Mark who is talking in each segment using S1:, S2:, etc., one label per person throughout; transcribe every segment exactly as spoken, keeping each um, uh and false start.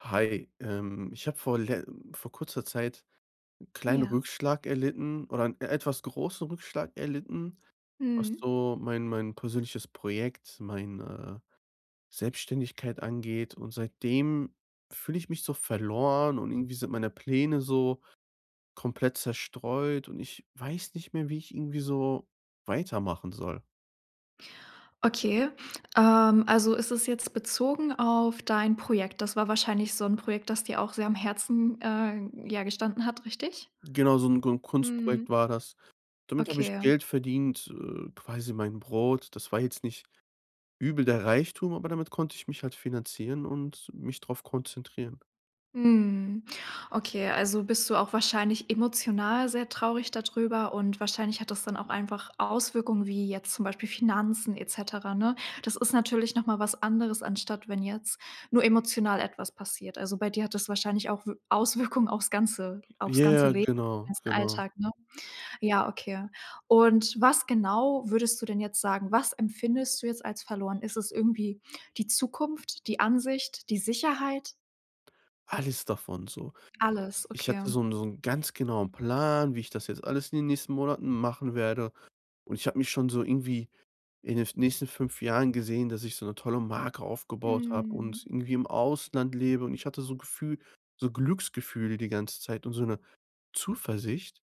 S1: Hi, ähm, ich habe vor le vor kurzer Zeit 'n kleinen
S2: Ja.
S1: Rückschlag erlitten oder 'n e etwas großen Rückschlag erlitten, was
S2: Mhm.
S1: so mein mein persönliches Projekt, meine Selbstständigkeit angeht. Und seitdem fühle ich mich so verloren. Und irgendwie sind meine Pläne so komplett zerstreut und ich weiß nicht mehr, wie ich irgendwie so weitermachen soll.
S2: Okay, ähm, also, es ist jetzt bezogen auf dein Projekt. Das war wahrscheinlich so 'n Projekt, dass dir auch sehr am Herzen, äh, ja gestanden hat richtig?
S1: Genau so 'n g so 'n Kunstprojekt
S2: Mhm.
S1: war das. Damit habe ich
S2: Okay.
S1: Geld verdient, äh, quasi mein Brot. Das war jetzt nicht übel der Reichtum, aber damit konnte ich mich halt finanzieren und mich drauf konzentrieren.
S2: Mhm, okay, also, bist du auch wahrscheinlich emotional sehr traurig da drüber und wahrscheinlich hat das dann auch einfach Auswirkungen wie jetzt zum Beispiel Finanzen et cetera, ne? Das ist natürlich noch mal was anderes, anstatt wenn jetzt nur emotional etwas passiert. Also, bei dir hat das wahrscheinlich auch W Auswirkungen auf's ganze auf's ganze
S1: Ja,
S2: Leben, den
S1: genau,
S2: ganzen
S1: genau.
S2: Alltag, ne? Ja, okay und was genau, würdest du denn jetzt sagen was empfindest du jetzt als verloren? Ist es irgendwie die Zukunft, die Ansicht, die Sicherheit?
S1: Alles davon so.
S2: Alles,
S1: Ich
S2: okay.
S1: hatte so 'n so 'n ganz genauen Plan, wie ich das jetzt alles in den nächsten Monaten machen werde. Und ich habe mich schon so irgendwie in den f nächsten fünf Jahren gesehen, dass ich so 'ne tolle Marke aufgebaut habe
S2: Mhm.
S1: und irgendwie im Ausland lebe. Und ich hatte so Gefühl so Glücksgefühle die ganze Zeit und so 'ne Zuversicht.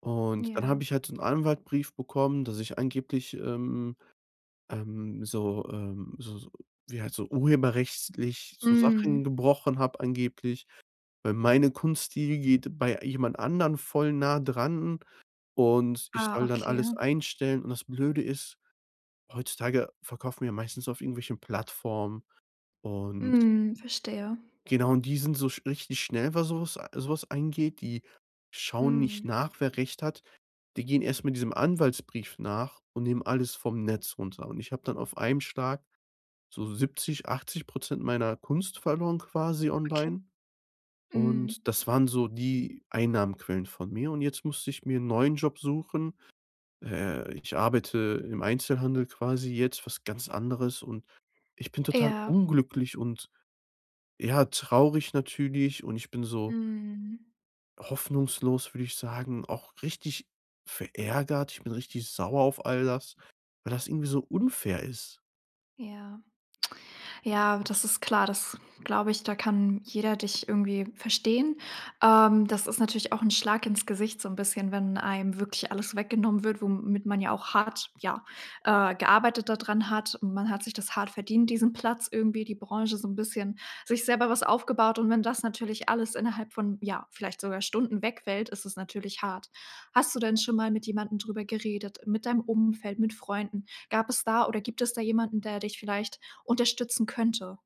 S1: Und dann habe
S2: Ja.
S1: ich halt so 'n Anwaltbrief bekommen, dass ich angeblich, ähm, ähm, so, ähm so so wie halt so urheberrechtlich so Sachen
S2: Mhm.
S1: gebrochen habe angeblich. Weil meine Kunst, die geht bei jemand anderen voll nah dran und ich
S2: Ah,
S1: soll dann
S2: okay.
S1: alles einstellen. Und das Blöde ist, heutzutage verkaufen wir ja meistens auf irgendwelchen Plattformen und
S2: Mhm, verstehe.
S1: genau und die sind so sch richtig schnell, was so was so was angeht. Die schauen nicht
S2: Mhm.
S1: nach, wer Recht hat. Die gehen erst mal diesem Anwaltsbrief nach und nehmen alles vom Netz runter. Und ich habe dann auf einem Schlag so siebzig, achtzig Prozent meiner Kunst verloren quasi
S2: Okay.
S1: online.
S2: Mhm.
S1: Und das waren so die Einnahmequellen von mir. Und jetzt musste ich mir 'n neuen Job suchen. Äh, ich arbeite im Einzelhandel quasi jetzt, was ganz anderes. Und ich bin total
S2: Ja.
S1: unglücklich und, ja, traurig natürlich und ich bin so
S2: Mhm.
S1: hoffnungslos, würde ich sagen, auch richtig verärgert. Ich bin richtig sauer auf all das, weil das irgendwie so unfair ist.
S2: Ja. Ja, das ist klar, das glaube ich, da kann jeder dich irgendwie verstehen. Ähm, das ist natürlich auch 'n Schlag ins Gesicht so 'n bisschen, wenn einem wirklich alles weggenommen wird, womit man ja auch hart, ja, äh gearbeitet da dran hat. Und man hat sich das hart verdient diesen Platz irgendwie, die Branche so 'n bisschen sich selber was aufgebaut. Und wenn das natürlich alles innerhalb von, ja, vielleicht sogar Stunden wegfällt ist es natürlich hart. Hast du denn schon mal mit jemandem drüber geredet, mit deinem Umfeld, mit Freunden? Gab es da oder gibt es da jemanden, der dich vielleicht unterstützen könnte?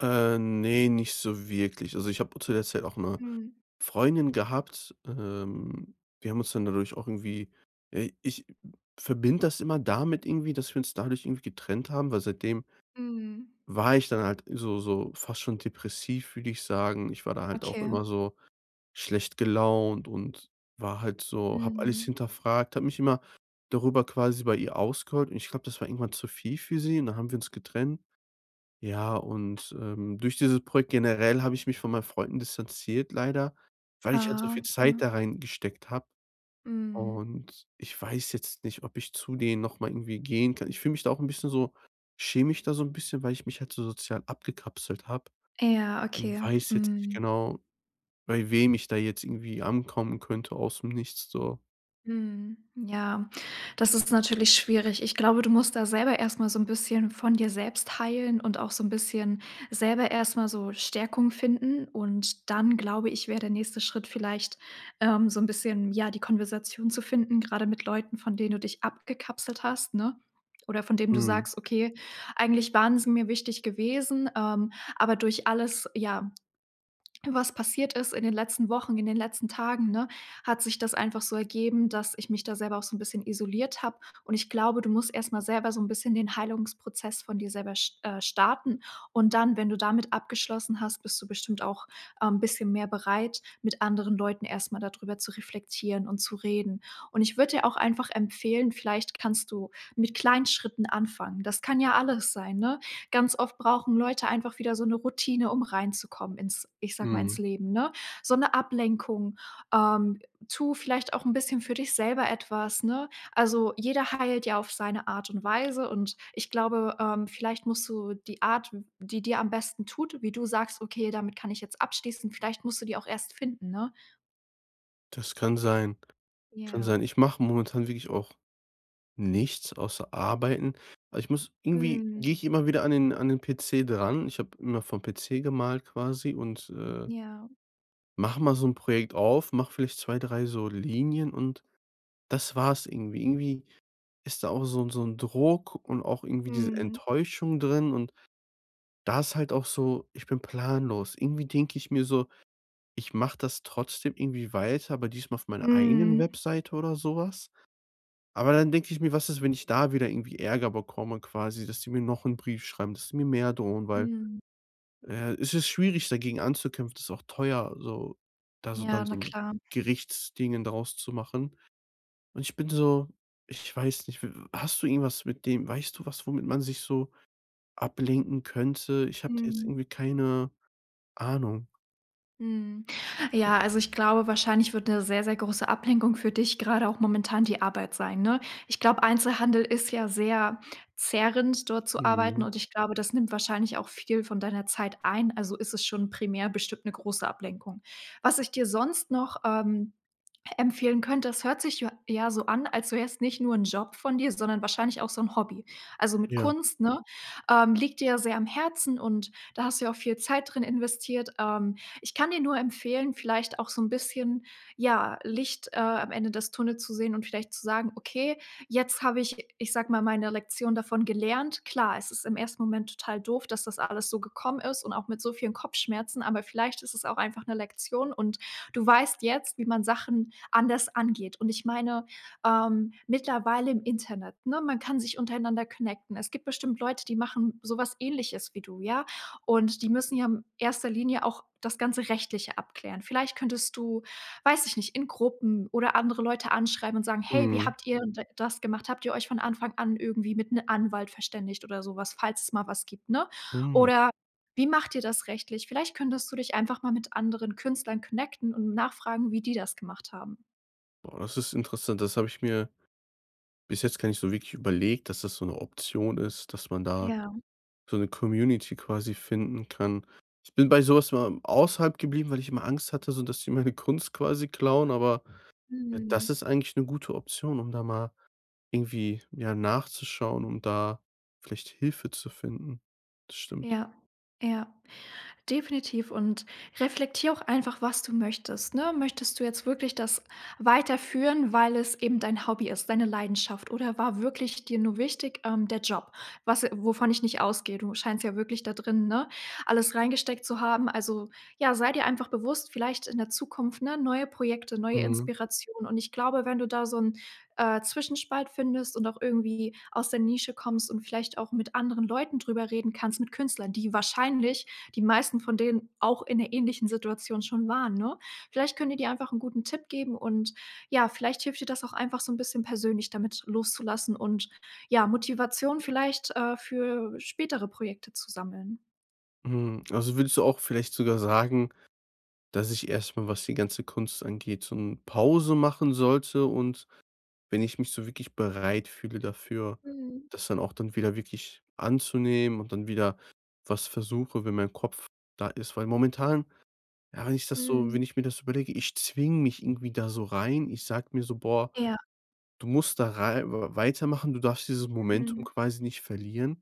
S1: Äh, ne, nicht so wirklich. Also, ich habe auch zu der Zeit auch 'ne
S2: Mhm.
S1: Freundin gehabt. Ähm, wir haben uns dann dadurch auch irgendwie äh, ich verbinde das immer damit irgendwie, dass wir uns dadurch irgendwie getrennt haben. Weil seitdem
S2: Mhm.
S1: war ich dann halt so so fast schon depressiv, würde ich sagen. Ich war da halt auch
S2: Okay.
S1: immer so schlecht gelaunt. Und war halt so habe alles
S2: Mhm.
S1: hinterfragt, habe mich immer darüber quasi bei ihr ausgeheult. Und ich glaube, das war irgendwann zu viel für sie und dann haben wir uns getrennt. Ja, und, ähm, durch dieses Projekt generell habe ich mich von meinen Freunden distanziert leider, weil ich halt so
S2: Ah,
S1: viel Zeit
S2: okay.
S1: da reingesteckt habe.
S2: Mhm.
S1: Und, ich weiß jetzt nicht, ob ich zu denen noch mal irgendwie gehen kann. Ich fühle mich da auch 'n bisschen so schäme mich da so 'n bisschen, weil ich mich halt so sozial abgekapselt habe.
S2: Ja,
S1: Und
S2: okay,
S1: weiß jetzt nicht
S2: mhm.
S1: genau, bei wem ich da jetzt irgendwie ankommen könnte aus 'm nichts so.
S2: Mhm, ja, das ist natürlich schwierig. Ich glaube, du musst da selber erstmal so 'n bisschen von dir selbst heilen und auch so 'n bisschen selber erstmal so Stärkung finden. Und dann, glaube ich, wäre der nächste Schritt vielleicht, ähm, so 'n bisschen, ja, die Konversation zu finden, gerade mit Leuten, von denen du dich abgekapselt hast, ne? Oder von denen du
S1: Mhm.
S2: sagst: „Okay, eigentlich waren sie mir wichtig gewesen: Ähm, aber durch alles, ja, was passiert ist in den letzten Wochen, in den letzten Tagen, ne, hat sich das einfach so ergeben, dass ich mich da selber auch so 'n bisschen isoliert habe.“ Und, ich glaube, du musst erst mal selber so 'n bisschen den Heilungsprozess von dir selber sch äh, starten. Und dann, wenn du damit abgeschlossen hast, bist du bestimmt auch, ähm, bisschen mehr bereit, mit anderen Leuten erst mal da drüber zu reflektieren und zu reden. Und ich würde dir auch einfach empfehlen vielleicht kannst du mit kleinen Schritten anfangen. Das kann ja alles sein, ne? Ganz oft brauchen Leute einfach wieder so 'ne Routine, um reinzukommen ins ich sage mal, ins
S1: Mhm.
S2: Leben, ne? So 'ne Ablenkung ähm, tu vielleicht auch 'n bisschen für dich selber etwas, ne? Also, jeder heilt ja auf seine Art und Weise und ich glaube, ähm, vielleicht musst du die Art, w die dir am besten tut, wie du sagst: „Okay, damit kann ich jetzt abschließen“ vielleicht musst du die auch erst finden, ne?
S1: Das kann sein kann
S2: Ja.
S1: sein. Ich mache momentan wirklich auch nichts außer Arbeiten. Aber ich muss irgendwie
S2: Mhm.
S1: gehe ich immer wieder an den an den PC dran. Ich habe immer vom PC gemalt quasi und, äh
S2: Ja.
S1: mache mal so 'n Projekt auf, mache vielleicht zwei, drei so Linien und das war's irgendwie. Irgendwie ist da auch so 'n so 'n Druck und auch irgendwie diese
S2: Mhm.
S1: Enttäuschung drin. Und da ist halt auch so, ich bin planlos. Irgendwie denke ich mir so: „Ich mache das trotzdem irgendwie weiter, aber diesmal auf meiner eigenen
S2: Mhm.
S1: Webseite oder so was.“ Aber dann denke ich mir: „Was ist, wenn ich da wieder irgendwie Ärger bekomme quasi, dass die mir noch 'n Brief schreiben, dass sie mir mehr drohen.“ Weil,
S2: Mhm.
S1: äh, es ist schwierig, dagegen anzukämpfen. Das ist auch teuer so, da so dann
S2: Ja,
S1: so
S2: na
S1: 'n
S2: klar.
S1: Gerichtsdingen daraus zu machen. Und ich bin so ich weiß nicht, w hast du irgendwas mit dem weißt du was, womit man sich so ablenken könnte? Ich habe da jetzt
S2: Mhm.
S1: irgendwie keine Ahnung.
S2: Mhm, ja, also, ich glaube, wahrscheinlich wird 'ne sehr sehr große Ablenkung für dich gerade auch momentan die Arbeit sein, ne? Ich glaube, Einzelhandel ist ja sehr zehrend dort zu arbeiten
S1: Mhm.
S2: und ich glaube, das nimmt wahrscheinlich auch viel von deiner Zeit ein. Also, ist es schon primär bestimmt 'ne große Ablenkung. Was ich dir sonst noch, ähm, e empfehlen könnte, das hört sich jo ja so an, als wär's nicht nur 'n Job von dir, sondern wahrscheinlich auch so 'n Hobby, also, mit
S1: Ja.
S2: Kunst, ne? Ähm, liegt dir ja sehr am Herzen und da hast du ja auch viel Zeit drin investiert. Ähm, ich kann dir nur empfehlen, vielleicht auch so 'n bisschen, ja, Licht, äh, am Ende des Tunnels zu sehen und vielleicht zu sagen: „Okay, jetzt habe ich, ich sage mal, meine Lektion davon gelernt.“ Klar, es ist im ersten Moment total doof, dass das alles so gekommen ist und auch mit so vielen Kopfschmerzen. Aber vielleicht ist es auch einfach 'ne Lektion und du weißt jetzt, wie man Sachen anders angeht. Und ich meine, ähm, mittlerweile im Internet, ne, man kann sich untereinander connecten. Es gibt bestimmt Leute, die machen sowas Ähnliches wie du, ja? Und die müssen ja in erster Linie auch das ganze Rechtliche abklären. Vielleicht könntest du, weiß ich nicht, in Gruppen oder andere Leute anschreiben und sagen: „Hey, wie
S1: Mhm.
S2: habt ihr d das gemacht? Habt ihr euch von Anfang an irgendwie mit 'n Anwalt verständigt oder so was“, falls es mal was gibt, ne?
S1: Mhm.
S2: Oder: „Wie macht ihr das rechtlich?“ Vielleicht könntest du dich einfach mal mit anderen Künstlern connecten und nachfragen, wie die das gemacht haben.
S1: Ah, das ist interessant. Das habe ich mir bis jetzt gar nicht so wirklich überlegt, dass das so 'ne Option ist. Dass man da
S2: Ja.
S1: so 'ne Community quasi finden kann. Ich bin bei so was immer außerhalb geblieben, weil ich immer Angst hatte, so, dass sie meine Kunst quasi klauen. Aber, äh, das
S2: Mhm.
S1: ist eigentlich 'ne gute Option, um da mal irgendwie, ja, nachzuschauen, und da vielleicht Hilfe zu finden, das stimmt.
S2: Ja, ja, definitiv. Und reflektier auch einfach, was du möchtest, ne? Möchtest du jetzt wirklich das weiterführen, weil es eben dein Hobby ist, deine Leidenschaft? Oder war wirklich dir nur wichtig, ähm, der Job? Was wovon ich nicht ausgehe. Du scheinst ja wirklich da drin, ne, alles reingesteckt zu haben. Also, ja, sei dir einfach bewusst, vielleicht in der Zukunft ne, neue Projekte, neue
S1: Mhm.
S2: Inspiration. Und ich glaube wenn du da so 'n, äh, Zwischenspalt findest und auch irgendwie aus der Nische kommst und vielleicht auch mit anderen Leuten drüber reden kannst, mit Künstlern, die wahrscheinlich die meisten von denen auch in 'ner ähnlichen Situation schon waren, ne? Vielleicht können die dir einfach 'n guten Tipp geben, und ja, vielleicht hilft dir das auch einfach so 'n bisschen persönlich damit loszulassen, und, ja, Motivation vielleicht, äh, für spätere Projekte zu sammeln.
S1: Mhm, also, würdest du auch vielleicht sogar sagen, dass ich erst mal, was die ganze Kunst angeht, so 'n Pause machen sollte. Und wenn ich mich so wirklich bereit fühle dafür,
S2: Mhm.
S1: das dann auch dann wieder wirklich anzunehmen und dann wieder was versuche, wenn mein Kopf da ist. Weil momentan ja, wenn ich das so wenn
S2: Mhm.
S1: ich mir das überlege: ich zwinge mich irgendwie da so rein. Ich sage mir so: „Boah,
S2: Ja.
S1: du musst da rei w weitermachen. Du darfst dieses Momentum
S2: Mhm.
S1: quasi nicht verlieren.“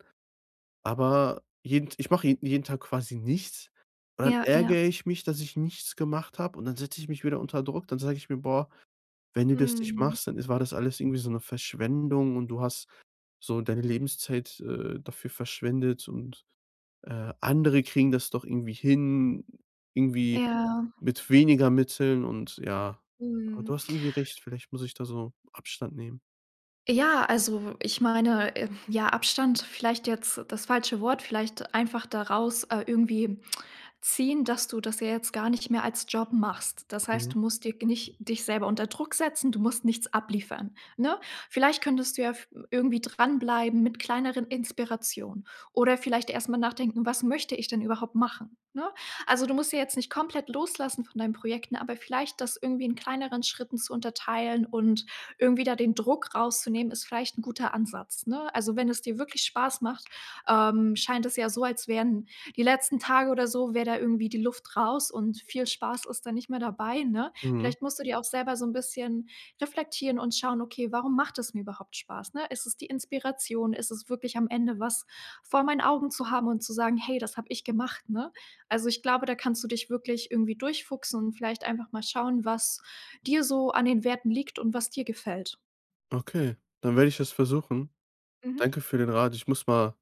S1: Aber jeden T ich mache je jeden Tag quasi nichts und dann
S2: Ja, ja.
S1: ärgere ich mich, dass ich nichts gemacht habe. Und dann setze ich mich wieder unter Druck. Dann sage ich mir: „Boah, wenn du das nicht
S2: Mhm.
S1: machst, dann ist war das alles irgendwie so 'ne Verschwendung und du hast so deine Lebenszeit, äh, dafür verschwendet und, äh, andere kriegen das doch irgendwie hin, irgendwie
S2: Ja.
S1: mit weniger Mitteln“ und ja. Aber du
S2: Mhm.
S1: hast irgendwie recht. Vielleicht muss ich da so Abstand nehmen.
S2: Ja, also, ich meine, äh ja, Abstand vielleicht jetzt das falsche Wort. Vielleicht einfach daraus, äh, irgendwie ziehen, dass du das ja jetzt gar nicht mehr als Job machst. Das heißt,
S1: Mhm.
S2: du musst dir nicht dich selber unter Druck setzen, du musst nichts abliefern, ne? Vielleicht könntest du ja v irgendwie dranbleiben mit kleineren Inspirationen. Oder vielleicht erst mal nachdenken: „Was möchte ich denn überhaupt machen“, ne? Also, du musst ja jetzt nicht komplett loslassen von deinen Projekten, aber vielleicht das irgendwie in kleineren Schritten zu unterteilen und irgendwie da den Druck rauszunehmen ist vielleicht 'n guter Ansatz, ne? Also, wenn es dir wirklich Spaß macht, ähm scheint es ja so, als wären die letzten Tage oder so, wäre da irgendwie die Luft raus und viel Spaß ist da nicht mehr dabei, ne?
S1: Mhm.
S2: Vielleicht musst du dir auch selber so 'n bisschen reflektieren und schauen: „Okay, warum macht das mir überhaupt Spaß, ne? Ist es die Inspiration? Ist es wirklich am Ende was vor meinen Augen zu haben und zu sagen: ‚Hey, das habe ich gemacht’”, ne? Also, ich glaube, da kannst du dich wirklich irgendwie durch fuchsen und vielleicht einfach mal schauen, was dir so an den Werten liegt und was dir gefällt.
S1: Okay, dann werde ich das versuchen.
S2: Mhm.
S1: Danke für den Rat. Ich muss mal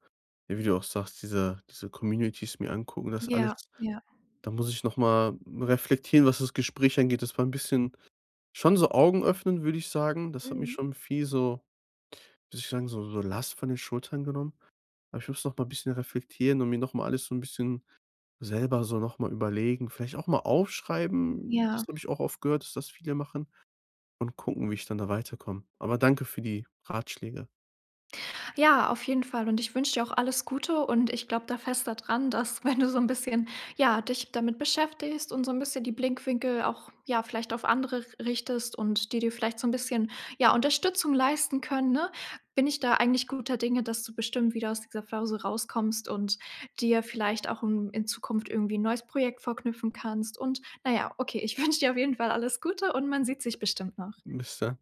S1: wie du auch sagst, diese diese Communities mir angucken, das alles.
S2: Ja, ja.
S1: Da muss ich noch mal reflektieren, was das Gespräch angeht. Das war 'n bisschen schon so Augen öffnend, würde ich sagen. Das hat mich
S2: Mhm.
S1: schon viel so würde ich sagen, so so Last von den Schultern genommen. Aber ich muss noch mal bisschen reflektieren und mir noch mal alles so 'n bisschen selber so noch mal überlegen, vielleicht auch mal aufschreiben, das
S2: Ja.
S1: habe ich auch oft gehört, dass das viele machen, und gucken, wie ich dann da weiterkomme. Aber danke für die Ratschläge.
S2: Ja, auf jeden Fall und ich wünsche dir auch alles Gute und ich glaube da fest da dran, dass, wenn du so 'n bisschen ja, dich damit beschäftigst und so 'n bisschen die Blickwinkel auch ja, vielleicht auf andere r richtest und die dir vielleicht so 'n bisschen, ja, Unterstützung leisten können, ne, bin ich da eigentlich guter Dinge, dass du bestimmt wieder aus dieser Phase rauskommst und dir vielleicht auch n in Zukunft irgendwie 'n neues Projekt vorknüpfen kannst und na ja, okay, ich wünsche dir auf jeden Fall alles Gute und man sieht sich bestimmt noch.
S1: Bis dann.